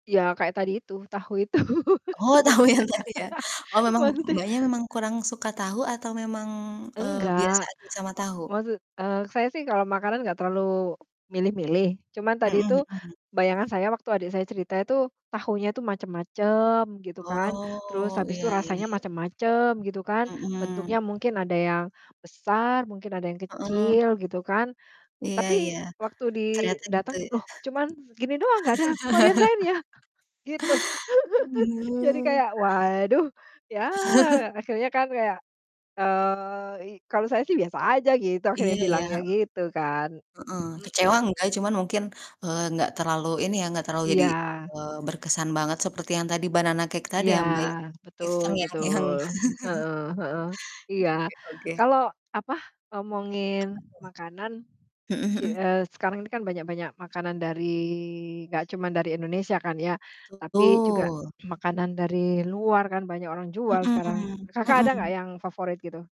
Iya, kayak tadi itu, tahu itu, Oh, tahu yang sebenernya. tadi, ya? Oh memang Maksudnya Mbaknya memang kurang suka tahu atau memang, eee, biasa Enggak, aja sama tahu? maksud eee, saya sih kalau makanan nggak terlalu milih-milih. Cuman, Mhm tadi itu mhm. bayangan saya waktu adik saya cerita itu tahunya itu macem-macem, gitu kan. Terus, Oh, habis iya itu iya rasanya iya. macem-macem, gitu kan. Mhm. Bentuknya mungkin ada yang besar, mungkin ada yang Heeh. kecil, gitu kan. Iya iya. Tapi, waktu di Ternyata gitu dateng, ya? "Loh, cuman gini doang nggak ada varian lainnya?" Gitu. Oh Jadi iya. kayak, waduh, ya akhirnya kan kayak, eee, i "Kalau saya sih biasa aja," gitu, Iya akhirnya iya, bilangnya, heeh, gitu kan. heeh, kecewa Mhm. nggak cuma mungkin, eee, nggak terlalu ini ya, nggak terlalu jadi, Iya. eee, berkesan banget seperti yang tadi Banana Cake tadi Iya, ya, Mbak, ya? Itu betul terngiang-ngiang. betul. Heeh heeh, iya. Oke oke. Kalau, apa, ngomongin Apa makanan tuh? Mhm ki mhm. eee, sekarang ini kan banyak-banyak makanan dari nggak cuman dari Indonesia kan, ya. Tapi juga Betul. makanan dari luar kan banyak orang jual sekarang, Mhm Kakak ada mhm. nggak yang favorit gitu?